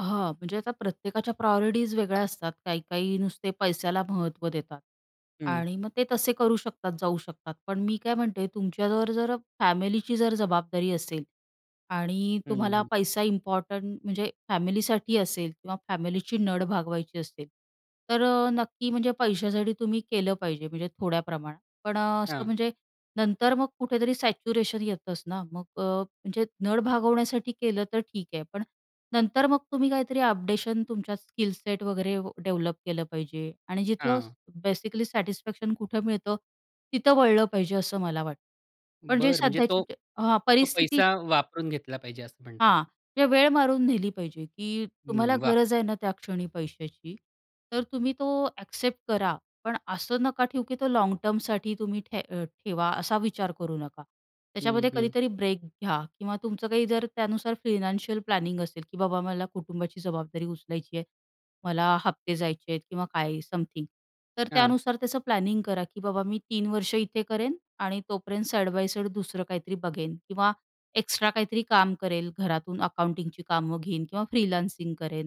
हां. म्हणजे आता प्रत्येकाच्या प्रायॉरिटीज वेगळ्या असतात. काही-काही नुसते पैशाला महत्त्व देतात हं. आणि मग ते तसे करू शकतात, जाऊ शकतात. पण मी काय म्हणते? तुमच्यावर जर फॅमिलीची जर जबाबदारी असेल आणि हं, तुम्हाला हं. पैसा इम्पॉर्टंट म्हणजे फॅमिलीसाठी असेल किंवा फॅमिलीची नड भागवायची असेल. तर अ, नक्की म्हणजे पैशासाठी तुम्ही केलं पाहिजे म्हणजे थोड्या प्रमाणात. पण अ, असं हां. म्हणजे नंतर मग कुठेतरी सॅच्युरेशन येतंच ना. मग अ, म्हणजे नड भागवण्यासाठी केलं तर ठीक आहे. पण नंतर मग तुम्ही काहीतरी अपडेशन तुमच्यात स्किल सेट वगैरे व डेव्हलप केलं पाहिजे आणि जिथं हां. बेसिकली सॅटिस्फॅक्शन कुठं मिळतं, तिथं वळलं पाहिजे असं मला वाट पण जे बरं. म्हणजे सध्याची तो, जी हां, तो परिस्थिती पैसा वापरून घेतला पाहिजे असं म्हणताय? हां. म्हणजे वेळ मारून नेली पाहिजे, की तुम्हाला हं. वाह! गरज आहे ना, त्या क्षणी पैशाची, तर तुम्ही तो ॲक्सेप्ट करा. पण असं नका ठेऊ, की तो लाँग टर्मसाठी तुम्ही ठे ठेवा असा विचार करू नका. हं, त्याच्यामध्ये हं. कधीतरी ब्रेक घ्या किंवा तुमचं काही जर त्यानुसार फायनान्शियल प्लॅनिंग असेल, की बाबा मला कुटुंबाची जबाबदारी उचलायची आहे, मला हफ्ते जायचे आहेत किंवा काय समथिंग. तर हां. त्यानुसार त्याचं प्लॅनिंग करा, की बाबा मी 3 वर्ष इथे करेन आणि तोपर्यंत साइड बाय साइड दुसरं काहीतरी बघेन किंवा एक्स्ट्रा काहीतरी काम करेल. घरातून अकाउंटिंगची कामं घेईन किंवा फ्रीलान्सिंग करेन.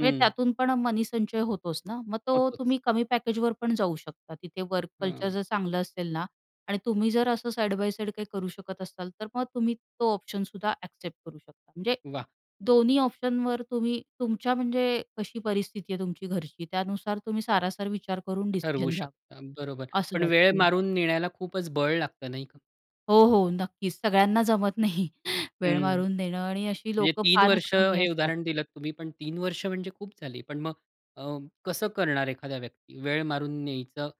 म्हणजे त्यातून पण मनीसंचय होतोच ना. मग तो होतोच. तुम्ही कमी पॅकेजवर पण जाऊ शकता. तिथे वर्क कल्चर हां. जर चांगलं असेल ना आणि तुम्ही जर असं साइड बाय साइड काही करू शकत असताल. तर मग तुम्ही तो ऑप्शन सुद्धा ॲक्सेप्ट करू शकता. म्हणजे वाह! दोन्ही ऑप्शनवर तुम्ही तुमच्या म्हणजे कशी परिस्थिती आहे तुमची घरची, त्यानुसार तुम्ही सारासार विचार करून ठरवू डिसिजन घ्या, शकता. बरोबर असं पण वेळ वाटतंय. मारून नेण्याला खूपच बळ लागत नाही का? हो, हो. नक्कीच. सगळ्यांना जमत नाही वेळ हं. मारून नेणं आणि अशी म्हणजे लोकं 3 फारच वर्ष कमी हे असतात. उदाहरण दिलत तुम्ही. पण 3 वर्ष म्हणजे खूप झाली. पण मग अं, कसं करणार एखादा व्यक्ती? वेळ मारून न्यायचं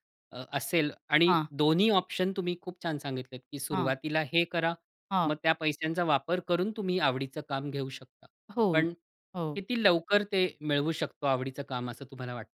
असेल आणि हां. दोन्ही ऑप्शन तुम्ही खूप छान सांगितलेत, की हां. सुरुवातीला हे करा. हां. मग त्या पैशांचा वापर करून तुम्ही आवडीचं काम घेऊ शकता. हो पण हो. किती लवकर ते मिळवू शकतो आवडीचं काम असं तुम्हाला वाटतं?